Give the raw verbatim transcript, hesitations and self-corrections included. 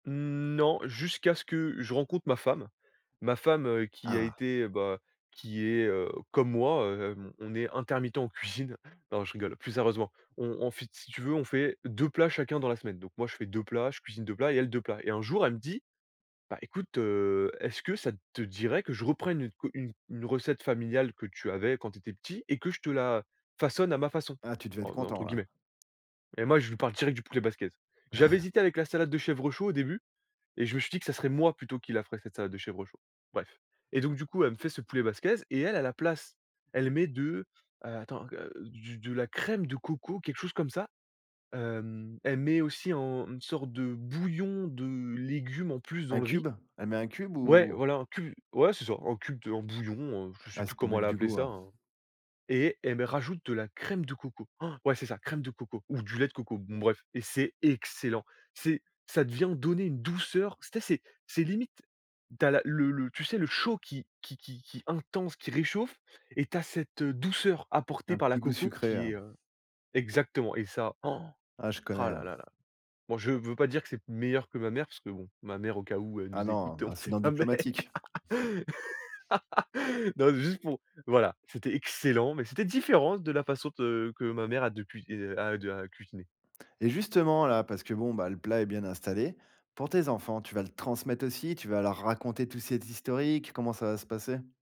Mmh, non, jusqu'à ce que je rencontre ma femme. Ma femme, heu, qui a Ah. été, bah, qui est, heu, comme moi hem, on est intermittent en cuisine. Non, je rigole. Plus sérieusement, on on fait, si tu veux, on fait deux plats chacun dans la semaine. Donc moi, je fais deux plats, je cuisine deux plats, et elle deux plats. Et un jour, elle me dit: «Bah écoute, heu, est-ce que ça te dirait que je reprenne une q une une recette familiale que tu avais quand tu étais petit et que je te la façonne à «ma façon»?» Ah, tu devais Heu, être en content, entre là. guillemets, et moi je lui parle direct du poulet basquaise. J'avais hésité avec la salade de chèvre chaud, au début et je me suis dit que ça serait moi plutôt qui la ferais, cette salade de chèvre chaud. Bref, et donc du coup, elle me fait ce poulet basquaise et elle à la place, elle met de attends, heu, du de la crème de coco, quelque chose comme ça. Hem, elle met aussi en une sorte de bouillon de légumes en plus dans Un le riz cube, elle met un cube, ouais, ou voilà! Un cu ouais, c'est ça, un cube, un bouillon, heu, je sais Ah, plus c'est pour comment mettre elle a du appelé goût, ça heu hein, et elle met rajoute de la crème de coco. Han! Ouais, c'est ça, crème de coco ou du lait de coco, bon bref, et c'est excellent! C'est, ça d vient donner une douceur. Tu sais c'est c'est limite tu as la le le, tu sais le chaud qui qui qui qui intense, qui réchauffe, et tu as cette, heu, douceur apportée Un par la petit goût coco sucré, qui heu est, heu exactement! Et ça han! Ah, je Rah connais, là heu là là. Bon, je veux pas dire que c'est meilleur que ma mère, parce que bon, ma mère au cas où elle Ah nous écoute, non, on ne sais incident jamais.. diplomatique. Non, c'est juste pour, voilà, c'était excellent, mais c'était différent de la façon de que ma mère a depuis, heu, a de à cuisiner. Et justement, là, parce que, bon, bah, le plat est bien installé, pour tes enfants tu vas le transmettre aussi? Tu vas leur raconter tout cet historique? Comment ça va se passer?